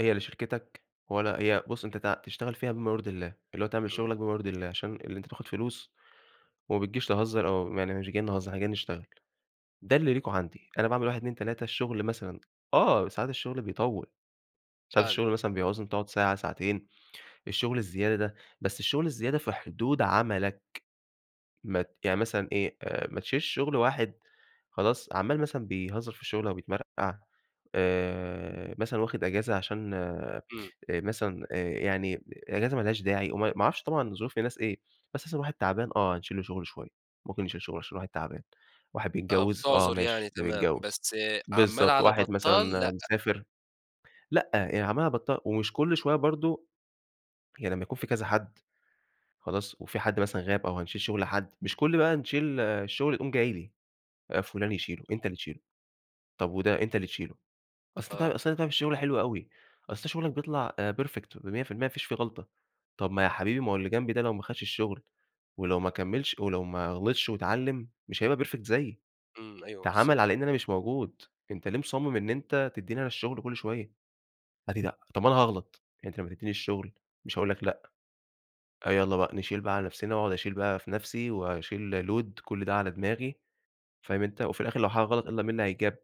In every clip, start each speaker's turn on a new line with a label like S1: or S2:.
S1: هي لا شركتك ولا هي بُص أنت ت تشتغل فيها بِما يرْضي الله، اللي هو تعمل
S2: إمم.
S1: شُغلك بِما يرْضي الله، عشان إن أنت تاخد فلوس، وما بتجيش تهزَّر أو يعني مش جايين نهزَّر إحنا جايين نشتغل، ده اللي ليكم عندي، أنا باعمل 1، 2، 3 الشُّغل مثلًا آه، ساعات الشُّغل بيطوِّل، ساعات
S2: فعلًا.
S1: الشُّغل مثلًا بيعُوز إنك تقعد ساعة ساعتين، الشُّغل الزيادة ده، بس الشُّغل الزيادة في حدود عملك. مت يعني مثلًا إيه آآ ما تشيلش شُغل واحد خلاص عَمّال مثلًا بيهزَّر في الشُّغل أوبيِتْمَرْقَع، آآ مثلًا واخد إجازة عشان آآ
S2: إمم.
S1: مثلًا آآ يعني إجازة ما لهاش داعي، وم ما اعرفش طبعًا ظّروف الناس إيه، بس مثلًا واحد تعبان آه، هنشيل له شُغله شوية، ممكن نشيل شُغل عشان واحد تعبان، واحد
S2: آه
S1: بيتجوّز آه،
S2: بِتعْذرْ يعني
S1: ماشي ده
S2: تمام،
S1: بيتجوّز،
S2: بس آآ عَمّال
S1: بالضبط،
S2: على
S1: واحد
S2: بطّال
S1: مثلًا
S2: لأ.
S1: مسافر لأ، يعني عَمّال على بطّال ومش كُلّ شوية برضه يعني لمّا يكون في كذا حد خلاص، وفي حد مثلًا غاب أو هنشيل شُغل حد، مش كُلّ بقى نشيل الشُّغل يقوم جاي لي، آآ فُلان يشيلُه، أنت اللي تشيلُه، طَب وده أنت اللي تشيلُه، أصل ده
S2: آه.
S1: أصل أنت بتعمل الشُّغل حلو أوي، أصل شُغلك بيطْلع آآ Perfect و100% ما فيش فيه غلْْطة، طَب ما يا حبيبي ما هو اللي جنبي ده لو ما خدش الشُّغل، ولو ما كملش ولو ما غلِطْش واتعلِّم مش هيبقى Perfect زيي،
S2: إمم، أيوه بالضبط.
S1: تَعَامَل على إن أنا مش موجود، أنت ليه مُصمِّم إن أنت تدّيني أنا الشُّغل كُلّ شوية؟ قال لي لأ. طَب أنا هاغْلط، أنت لمّا تدّيني الشُّغل مش هاقول لك لأ، آه، يالّا بقى نشيل بقى على نَفْسنا، وأقعد أشيل بقى في نَفْسي وأشيل Load كُلّ ده على دماغي، فاهم أنت؟ وفي الآخر لو حاجة غَلَط إلّا مين هيتْجاب،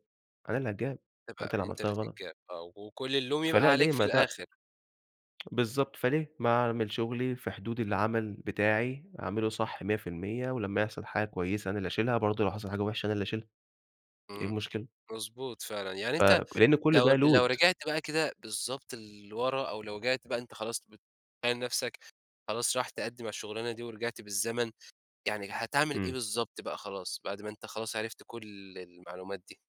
S1: أنا اللي هاتْجاب، ما أنت اللي
S2: تبقى أنت
S1: عملتها
S2: اللي
S1: غَلَط.
S2: تِتْجاب آه، وكُلّ اللَوْم يبقى
S1: فلأ
S2: عليك
S1: ليه
S2: في
S1: ما ت
S2: الآخر.
S1: بالضبط، فليه، ما أعمل شُغلي، في حدود العمل بتاعي أعمله صح 100% ولمّا يحصل حاجة كويسة أنا اللي أشيلها، برضه لو حصل حاجة وحشة أنا اللي أشيلها، إيه
S2: إمم،
S1: المشكلة؟
S2: مضبوط فعلًا، يعني أنت
S1: فلإن كُلّ
S2: لو
S1: ده
S2: لو
S1: Load.
S2: رِجِعت بقى كده بالضبط لوَرا، أو لو رِجِعت بقى أنت خلاص بتْبيِّن نَفْسك خلاص رايح تقدّم على الشُّغلانة دي، ورِجِعْت بالزمن، يعني هتعمل إيه
S1: إمم.
S2: بالضبط بقى خلاص، بعد ما أنت خلاص عرفت كُلّ المعلومات دي؟